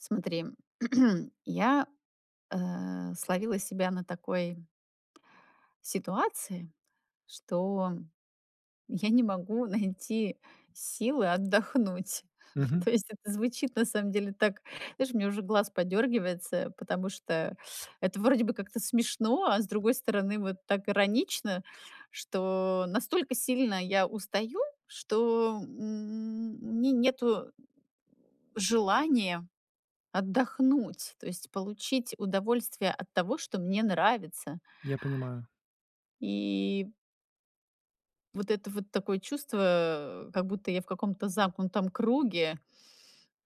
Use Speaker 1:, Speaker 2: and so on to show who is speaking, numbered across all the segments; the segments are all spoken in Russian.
Speaker 1: Смотри, я, а, словила себя на такой ситуации, что я не могу найти силы отдохнуть.
Speaker 2: Мгм.
Speaker 1: То есть, это звучит на самом деле так знаешь, у меня уже глаз подёргивается, потому что это вроде бы как-то смешно, а с другой стороны, вот, так иронично, что настолько сильно я устаю, что, м, у меня нету, м, желания отдохнуть. То есть, получить удовольствие от того, что мне нравится.
Speaker 2: Я понимаю.
Speaker 1: И вот это вот, такое чувство, как будто я в каком-то замкнутом круге.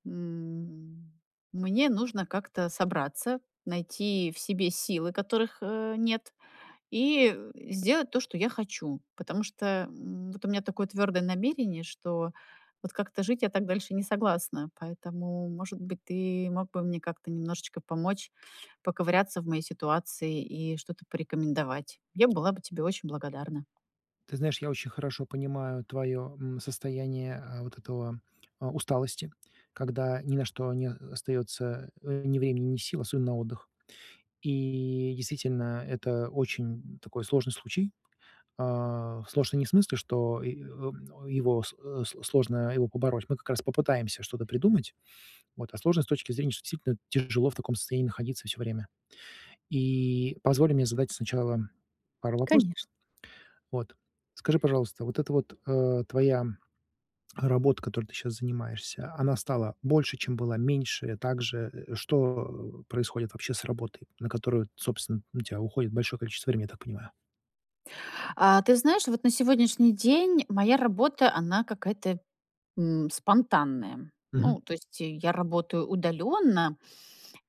Speaker 1: М, мне нужно как-то собраться, найти в себе силы, которых, э, нет, и сделать то, что я хочу. Потому что, м, вот у меня такое твёрдое намерение, что вот как-то жить я так дальше не согласна. Поэтому, может быть, ты мог бы мне как-то немножечко помочь поковыряться в моей ситуации и что-то порекомендовать. Я была бы тебе очень благодарна.
Speaker 2: Ты знаешь, я очень хорошо понимаю твоё, м, состояние а вот этого, а, усталости, когда ни на что не остаётся, а, ни времени, ни сил, особенно на отдых. И, действительно, это очень такой сложный случай. А, сложный не в смысле, что и ом его с с сложно его побороть, мы как раз попытаемся что-то придумать. Вот. А сложно с точки зрения, что действительно тяжело в таком состоянии находиться всё время. И позволь мне задать сначала пару вопросов.
Speaker 1: Конечно.
Speaker 2: Вот. Скажи, пожалуйста, вот эта вот, а, твоя работа, которой ты щас занимаешься, она стала больше, чем была, меньше, так же? Что происходит, вообще, с работой, на которую, т собственно, у тебя уходит большое количество времени, я так понимаю?
Speaker 1: А ты знаешь, вот на сегодняшний день моя работа, она какая-то, м, спонтанная.
Speaker 2: Мгм.
Speaker 1: Ну, то есть, э, я работаю удалённо,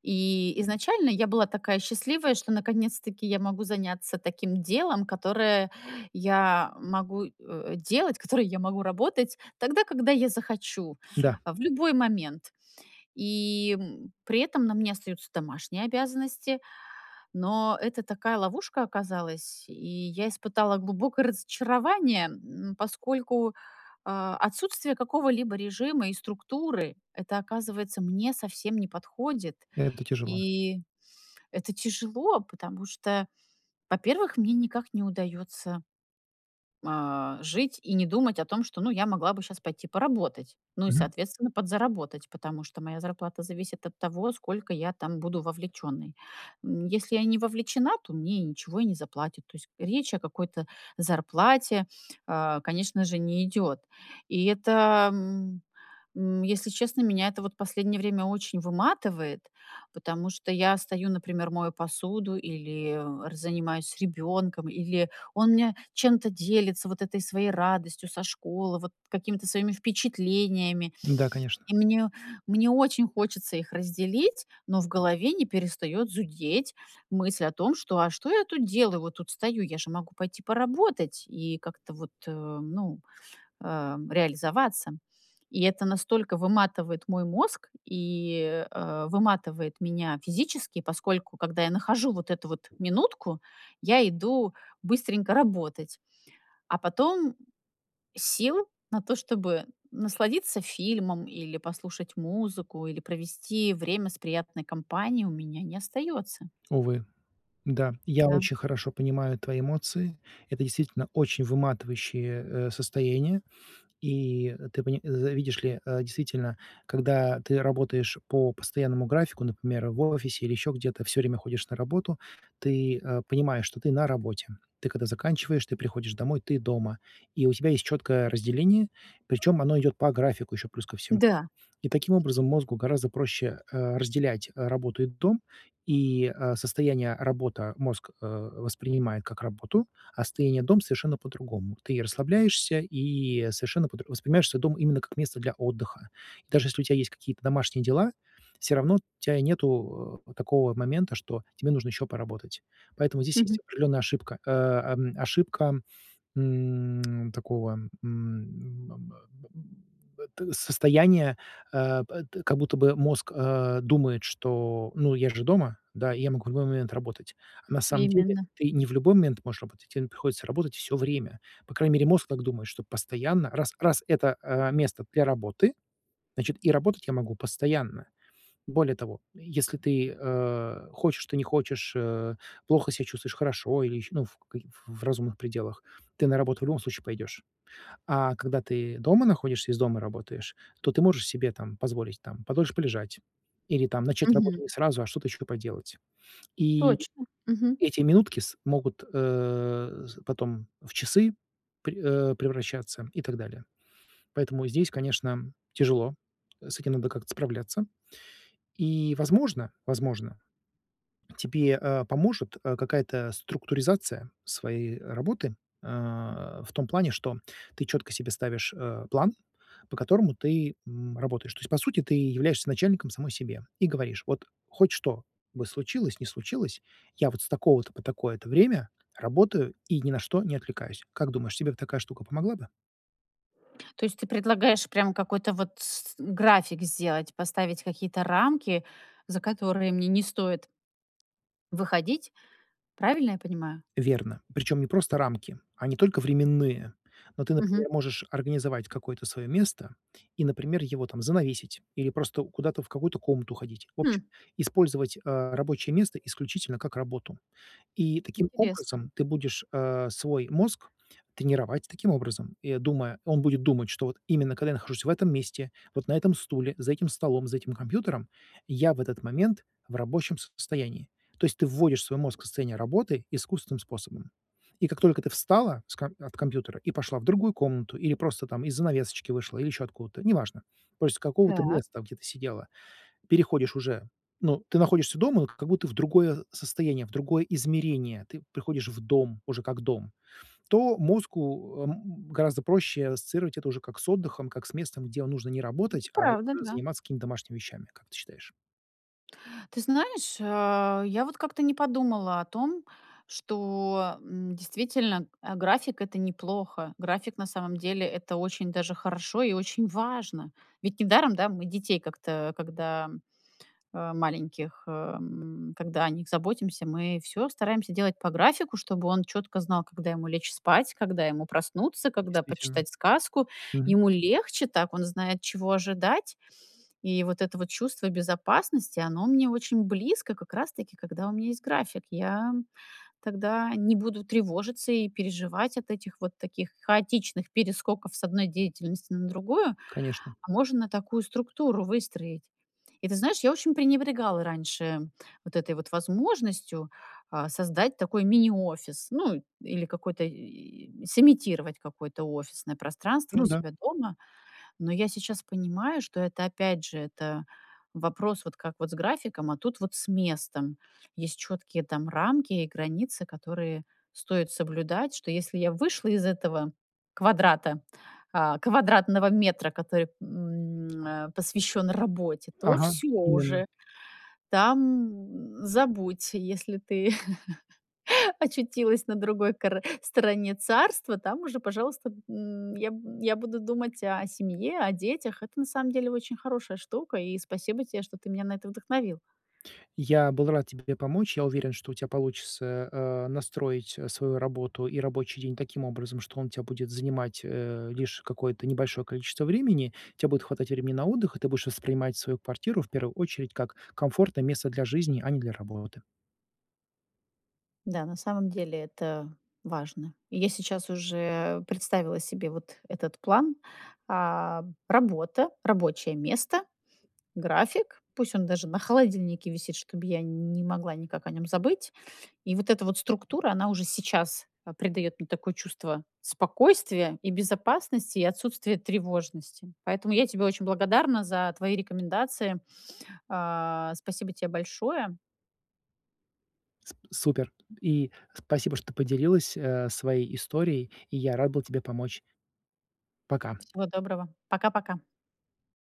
Speaker 1: и изначально я была такая счастливая, что наконец-таки я могу заняться таким делом, которое я могу, э, делать, которое я могу работать тогда, когда я захочу.
Speaker 2: Да.
Speaker 1: А, в любой момент. И, м, при этом на мне остаются домашние обязанности. Но это такая ловушка оказалась, и я испытала глубокое разочарование. М, поскольку, э, отсутствие какого-либо режима и структуры- это, оказывается, мне совсем не подходит.
Speaker 2: Это тяжело.
Speaker 1: И это тяжело, потому что, во-первых, мне никак не удаётся, э, жить и не думать о том, что, ну, я могла бы щас пойти поработать. Ну и,
Speaker 2: Мгм.
Speaker 1: соответственно, подзаработать, потому что моя зарплата зависит от того, сколько я там буду вовлечённой. М, если я не вовлечена, то мне и ничего и не заплатят. То есть речь о какой-то зарплате, э, конечно же, не идёт. И это, м, м, если честно, меня это вот последнее время очень выматывает. Потому что я стою, например, мою посуду или р занимаюсь с ребёнком, или он мне чем-то делится, вот этой своей радостью со школы, вот какими-то своими впечатлениями.
Speaker 2: Да, конечно.
Speaker 1: И мне, мне очень хочется их разделить, но в голове не перестаёт зудеть мысль о том, что: "А что я тут делаю? Вот тут стою, я же могу пойти поработать и как-то вот, э, ну, эм, реализоваться". И это настолько выматывает мой мозг и, э, выматывает меня физически. Поскольку, когда я нахожу вот эту вот минутку, я иду быстренько работать. А потом сил на то, чтобы насладиться фильмом или послушать музыку, или провести время с приятной компанией, у меня не остаётся.
Speaker 2: Увы. Да, я
Speaker 1: Да.
Speaker 2: очень хорошо понимаю твои эмоции. Это действительно очень выматывающее, э, состояние. И, э, ты пони за видишь ли, э, действительно, когда ты работаешь по постоянному графику, например, в офисе или ещё где-то, всё время ходишь на работу, ты, э, понимаешь, что ты на работе. Ты когда заканчиваешь, ты приходишь домой, ты дома. И у тебя есть чёткое разделение, причём оно идёт по графику ещё плюс ко всему.
Speaker 1: Да.
Speaker 2: И таким образом мозгу гораздо проще, а, разделять, а, работу и дом. И, а, состояние "работа" мозг, э, воспринимает как работу, а состояние "дом"- совершенно по-другому. Ты и расслабляешься, и совершенно по дру воспринимаешь свой дом именно как место для отдыха. И даже если у тя есть какие-то домашние дела, всё равно тя нету, э, вот такого вот момента, что тебе нужно ещё поработать. Поэтому здесь есть
Speaker 1: Мгм.
Speaker 2: определённая ошибка, э, эм, ошибка, м, такого, м, ам, м, б т состояния, э, п т как будто бы мозг, э, думает, что: "Ну, я же дома, да, и я могу в любой момент работать". А на самом деле
Speaker 1: Именно.
Speaker 2: ты не в любой момент можешь работать, те н приходится работать всё время. По крайней мере мозг так думает, что постоянно раз, раз это, э, место для работы, значит и работать я могу постоянно. Более того, если ты, э, хочешь ты не хочешь, э, плохо ся чувствуешь, хорошо или ещё, ну, ф каки в в разумных пределах, ты на работу в любом случае пойдёшь. А когда ты дома находишься и из дома работаешь, то ты можешь себе, там, позволить, там, подольше полежать. Или там, начать работу
Speaker 1: Мгм.
Speaker 2: не сразу, а что-то ещё и поделать. И
Speaker 1: Точно. Мгм.
Speaker 2: эти минутки с могут, э, з потом в часы пре э, превращаться и так далее. Поэтому здесь, конечно, тяжело, с этим надо как-то справляться. И, возможно, возможно, тебе, а, поможет, а, какая-то структуризация своей работы. Э, в том плане, что ты чётко себе ставишь, э, план, по которому ты, м, работаешь. То есть, по сути, ты являешься начальником самой себе и говоришь: "Вот хоть что бы случилось, не случилось, я вот с такого-то по такое-то время работаю и ни на что не отвлекаюсь". Как думаешь, тебе бы такая штука помогла бы?
Speaker 1: То есть ты предлагаешь прям какой-то вот с график сделать, поставить какие-то рамки, за которые мне не стоит Выходить, правильно я понимаю?
Speaker 2: Верно, причём не просто рамки, а не только временные. Но ты,
Speaker 1: Мгм.
Speaker 2: например, можешь организовать какое-то своё место и, например, его там занавесить или просто куда-то в какую-то комнату уходить. В общем,
Speaker 1: Хм.
Speaker 2: использовать, а, рабочее место исключительно как работу. И таким
Speaker 1: Интересно.
Speaker 2: образом ты будешь, э, свой мозг тренировать таким образом. И, о, думая, он будет думать, что вот именно когда я нахожусь в этом месте, вот на этом стуле, за этим столом, за этим компьютером, я в этот момент в рабочем состоянии. То есть ты вводишь свой мозг в состояние работы искусственным способом. И как только ты встала с ка от компьютера и пошла в другую комнату или просто, там, из-за занавесочки вышла, или ещё откуда-то, неважно. То есть с какого-то
Speaker 1: Так.
Speaker 2: места, в, где ты сидела, переходишь уже, ну, ты находишься дома, ну, как будто в другое состояние, в другое измерение, ты приходишь в дом уже как дом. То мозгу, э, м, гораздо проще ассоциировать это уже как с отдыхом, как с местом, где нужно не
Speaker 1: Это
Speaker 2: работать, а
Speaker 1: правда,
Speaker 2: уже
Speaker 1: да.
Speaker 2: заниматься какими-то домашними вещами, как ты считаешь?
Speaker 1: Ты знаешь, э, я вот как-то не подумала о том, что, м, действительно, э, график- это неплохо. График на самом деле- это очень даже хорошо и очень важно. Ведь недаром, да, мы детей как-то, когда, э, маленьких, эм, когда о них заботимся, мы всё стараемся делать по графику, чтобы он чётко знал, когда ему лечь спать, когда ему проснуться, когда
Speaker 2: Действительно.
Speaker 1: почитать сказку.
Speaker 2: Мгм.
Speaker 1: Ему легче так, он знает, чего ожидать. И вот это вот чувство безопасности, оно мне очень близко как раз-таки, когда у меня есть график. Я, м, тогда не буду тревожиться и переживать от этих вот таких хаотичных перескоков с 1 деятельности на другую.
Speaker 2: Конечно.
Speaker 1: А можно такую структуру выстроить. И ты знаешь, я очень пренебрегала раньше вот этой вот возможностью, а, создать такой мини-офис, ну или какой-то, и и сымитировать какое-то офисное пространство у
Speaker 2: Ну да.
Speaker 1: себя дома. Но я сейчас понимаю, что это опять же, это вопрос вот как вот с графиком, а тут вот с местом. Есть чёткие там рамки и границы, которые стоит соблюдать. Что если я вышла из этого квадрата, а, квадратного метра, который, м, э, посвящён работе, то
Speaker 2: Ага,
Speaker 1: всё
Speaker 2: именно.
Speaker 1: уже, там забудь. Если ты очутилась на другой кор стороне царства, там уже, пожалуйста, м, я, м, я буду думать о семье, о детях. Это на самом деле очень хорошая штука, и спасибо те, что ты меня на это вдохновил.
Speaker 2: Я был рад тебе помочь. Я уверен, что у тя получится, э, настроить, э, свою работу и рабочий день таким образом, что он у тя будет занимать, э, лишь какое-то небольшое количество времени. Те будет хватать времени на отдых, и ты будешь воспринимать свою квартиру в первую очередь как комфортное место для жизни, а не для работы.
Speaker 1: Да, на самом деле это важно. И я сейчас уже представила себе вот этот план. А, работа, рабочее место, график, пусть он даже на холодильнике висит, чтоб я не могла никак о нём забыть. И вот эта вот структура, она уже сейчас, а, придаёт мне такое чувство спокойствия и безопасности, и отсутствия тревожности. Поэтому я тебе очень благодарна за твои рекомендации. А, спасибо те большое.
Speaker 2: Сп супер. И спасибо, что ты поделилась, э, своей историей. И я рад был тебе помочь. Пока.
Speaker 1: Всего доброго. Пока пока.